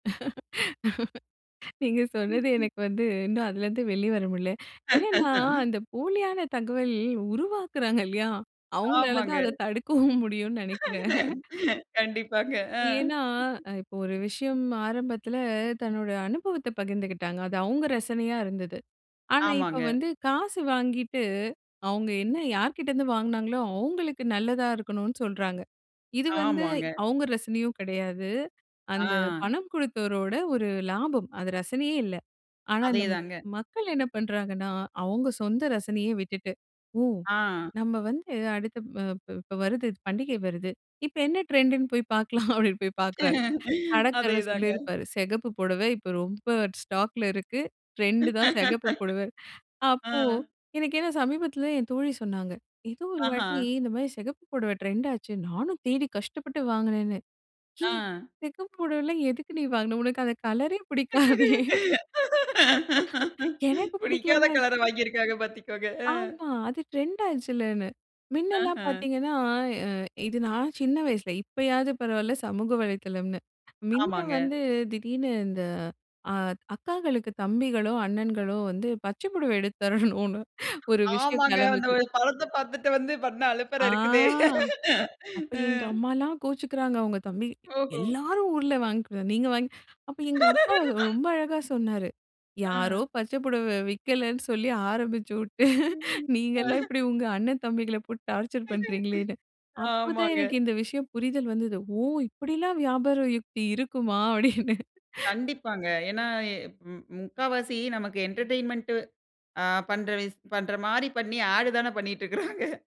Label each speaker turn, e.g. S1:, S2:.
S1: நீங்க சொன்னது
S2: ம்ஹ்ம்.
S1: எனக்கு வந்து, இன்னும் அதுலருந்து வெளிய வர முடியல. ஏன்னா நா அந்த போலியான தகவல் உருவாக்குறாங்க இல்லையா? அவங்களால
S2: ஆமாங்க.
S1: தான் அத தடுக்கவும் முடியும்ன்னு நெனைக்கிறேன்.
S2: கண்டிப்பாங்க. அ.
S1: ஏன்னா, இப்ப ஒரு விஷயம் ஆரம்பத்தில தன்னோட அனுபவத்த பகிர்ந்துக்கிட்டாங்க. அது அவங்க ரசனையா இருந்தது. ஆனா இப்ப
S2: ஆமாங்க.
S1: வந்து காசு வாங்கிட்டு, அவுங்க என்ன யார்கிட்டேருந்து வாங்கினாங்களோ, அவங்களுக்கு நல்லதா இருக்கணும்ன்னு சொல்றாங்க. இது வந்து
S2: ஆமாங்க.
S1: அவுங்க ரசனையும் கிடையாது. அந்த
S2: ஆ.
S1: பணம் குடுத்தவரோட ஒரு லாபம். அது ரசனையே இல்ல. ஆனா
S2: அதே
S1: இந்த ம்
S2: தாங்க.
S1: மக்கள் என்ன பண்ணுறாங்கன்னா, அவுங்க சொந்த ரசனையே விட்டுட்டு, "ஒ
S2: ஆ.
S1: நம்ம வந்து அடுத்த இப் இப் இப்ப வருது பண்டிகை வருது. இப்ப என்ன ட்ரெண்ட்டுன்னு போய் பார்க்கலாம்?" அப்படீன்னு போய் பார்க்கிறாங்க. கடைக்காரர்
S2: அதேதாங்க.
S1: சொல்லியிருப்பாரு, "செகப்பு புடவை இப்ப ரொம்ப ஸ்டாக்ல இருக்கு. ட்ரெண்ட்டு தான் செகப்பு பொடவை. அப்போ,
S2: அ.
S1: எனக்கு ஏன்னா சமீபத்தில என் தோழி சொன்னாங்க, ஏதோ ஒரு வாட்டி
S2: ஆஹ.
S1: இந்த மாரி செகப்பு பொடவ ட்ரெண்ட் ஆச்சு. நானும் தேடி கஷ்டப்பட்டு வாங்கினேன்னு. "ஏய்
S2: ஆ.
S1: செகப்பு புடவைலாம் எதுக்கு நீ வாங்கணும்? உனக்கு அந்த கலரே புடிக்காதே". "எனக்கு
S2: புடிக்காத
S1: புடிக்கலன்னா என்ன?"
S2: கலர வாங்கியிருக்காங்க. பார்த்திக்கோங்க. அ.
S1: ஆமா, அது ட்ரெண்ட் ஆயிடுச்சுல்லன்னு. முன்னலாம்
S2: ஆஹ.
S1: பார்த்தீங்கன்னா, அ இது நா சின்ன வயசுல. இப்பயாவது பரவால்ல, சமூக வலைத்தளம்ன்னு. முன்ன
S2: ஆமாங்க.
S1: வந்து திடீர்ன்னு இந்த அ அக்காகளுக்கு தம்பிகளோ, அண்ணன்களோ வந்து பச்ச புடவை எடுத்து தரணும்ன்னு ஒண்ணு ஒரு விஷயம்
S2: ஆமாங்க. அந்த
S1: கெளம்புச்சு.
S2: ஒரு படத்தை பார்த்துட்டு வந்து பண்ண அலப்பறை
S1: ஆ.
S2: இருக்குதே.
S1: அப்ப
S2: அ.
S1: எங்க அம்மால்லாம் கோச்சுக்குறாங்க அவங்க தம்பி
S2: ஓஹோ!
S1: எல்லாரும் ஊர்ல வாங்கிக்கு நீங்க வாங்கி, அப்ப எங்க அப்பா ரொம்ப அழகா சொன்னாரு. யாரோ
S2: ம்.
S1: பச்சை பொடவை விக்கலன்னு சொல்லி ஆரம்பிச்சு வுட்டு,
S2: ம்.
S1: நீங்கல்லாம் இப்படி உங்க அண்ணன் தம்பிகள போட்டு டார்ச்சர் பண்ணுறீங்களேன்னு. அப்பதான் எனக்கு
S2: ஆமாங்க.
S1: இந்த விஷயம் புரிதல் வந்தது. "ஓ! இப்படிலாம் வியாபார யுக்தி இருக்குமா?" அப்படீன்னு
S2: கண்டிப்பாங்க. ஏன்னா இ ம் ம் முக்கால்வாசி நமக்கு எண்டர்டெயின்மெண்ட்டு அ பண்ற விஸ் பண்ற மாரி பண்ணி, ஆட் தான பண்ணீட்ருக்கிறாங்க.